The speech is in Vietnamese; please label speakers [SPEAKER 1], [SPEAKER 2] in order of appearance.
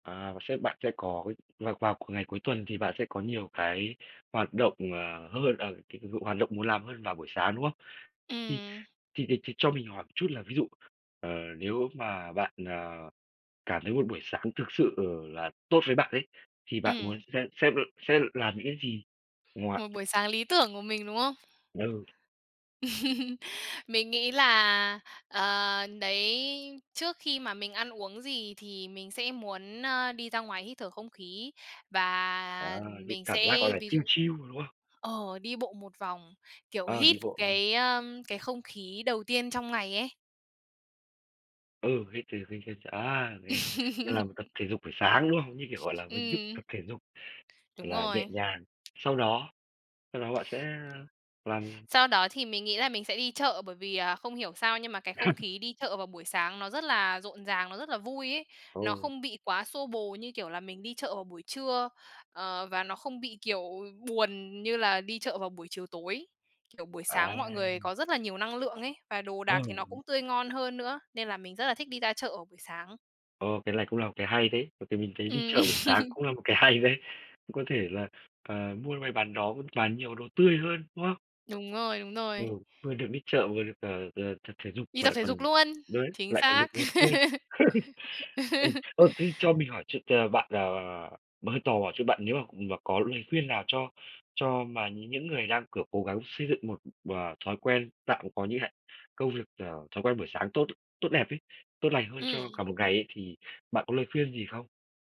[SPEAKER 1] À, và sẽ bạn sẽ có vào vào c ngày cuối tuần thì bạn sẽ có nhiều cái hoạt động, ờ, hơn, ờ, c h hoạt động muốn làm hơn vào buổi sáng, đúng không? Thì
[SPEAKER 2] Ừm.
[SPEAKER 1] thì thì thì cho mình hỏi chút là ví dụ, ờ, nếu mà bạn, ờ, cảm thấy một buổi sáng thực sự là tốt với bạn ấy, thì bạn muốn
[SPEAKER 2] Ừm.
[SPEAKER 1] sẽ sẽ b sẽ l làm những cái gì ngoài
[SPEAKER 2] Một buổi sáng lý tưởng của mình, đúng không?
[SPEAKER 1] Ừ.
[SPEAKER 2] Mình nghĩ là, ờ, đấy, trước khi mà mình ăn uống gì thì mình sẽ muốn, ơ, đi ra ngoài hít thở không khí
[SPEAKER 1] Ờ,
[SPEAKER 2] và
[SPEAKER 1] cái
[SPEAKER 2] mình
[SPEAKER 1] cảm giác, gọi
[SPEAKER 2] sẽ
[SPEAKER 1] là,
[SPEAKER 2] ví
[SPEAKER 1] chill
[SPEAKER 2] dụ
[SPEAKER 1] chill, đúng không?
[SPEAKER 2] ờ, đi bộ một vòng, kiểu,
[SPEAKER 1] Ờ,
[SPEAKER 2] hít
[SPEAKER 1] đi bộ.
[SPEAKER 2] cái, ơ, cái không khí đầu tiên trong ngày ấy.
[SPEAKER 1] Ừ, hít th hít hít th à, nghe nên là mới tập thể dục buổi sáng, đúng không? Như kiểu, gọi là, một hình thức
[SPEAKER 2] Ừm.
[SPEAKER 1] tập thể dục
[SPEAKER 2] Đúng
[SPEAKER 1] là nhẹ
[SPEAKER 2] rồi.
[SPEAKER 1] nhàng. Sau đó sau đó bạn sẽ làm
[SPEAKER 2] Sau đó thì mình nghĩ là mình sẽ đi chợ, bởi vì, ờ, không hiểu sao nhưng mà cái không khí đi chợ vào buổi sáng nó rất là rộn ràng, nó rất là vui ấy. Nó
[SPEAKER 1] Ồ.
[SPEAKER 2] không bị quá xô bồ như kiểu là mình đi chợ vào buổi trưa, ờ, và nó không bị, kiểu, buồn như là đi chợ vào buổi chiều tối. Kiểu buổi
[SPEAKER 1] À.
[SPEAKER 2] sáng mọi người có rất là nhiều năng lượng ấy và đồ
[SPEAKER 1] Ừ.
[SPEAKER 2] đạc thì nó cũng tươi ngon hơn nữa, nên là mình rất là thích đi ra chợ vào buổi sáng.
[SPEAKER 1] Ơ, cái này cũng là một cái hay đấy, bởi vì mình thấy đi
[SPEAKER 2] Ừm.
[SPEAKER 1] chợ buổi sáng cũng là một cái hay đấy. Cũng có thể là, ờ, mua may bán đó, cũng toàn nhiều đồ tươi hơn, đúng không?
[SPEAKER 2] Đúng rồi, đúng
[SPEAKER 1] Ừ,
[SPEAKER 2] rồi.
[SPEAKER 1] vừa được đi chợ, vừa được, ờ, ờ, tập thể dục
[SPEAKER 2] Đi
[SPEAKER 1] mà
[SPEAKER 2] tập
[SPEAKER 1] lại
[SPEAKER 2] thể dục
[SPEAKER 1] còn
[SPEAKER 2] luôn,
[SPEAKER 1] đấy,
[SPEAKER 2] chính
[SPEAKER 1] lại còn
[SPEAKER 2] xác!
[SPEAKER 1] định một vui. Ừ. Ơ, thế cho mình hỏi ch t bạn, à mà hơi tò mò chút, bạn nếu mà mà có lời khuyên nào cho cho mà nh những người đang, kiểu, cố gắng xây dựng một, ờ, thói quen tạm có như hạn công việc, ờ, thói quen buổi sáng tốt tốt đẹp ấy, tốt lành hơn cho
[SPEAKER 2] Ừm.
[SPEAKER 1] cả một ngày ấy, thì bạn có lời khuyên gì không?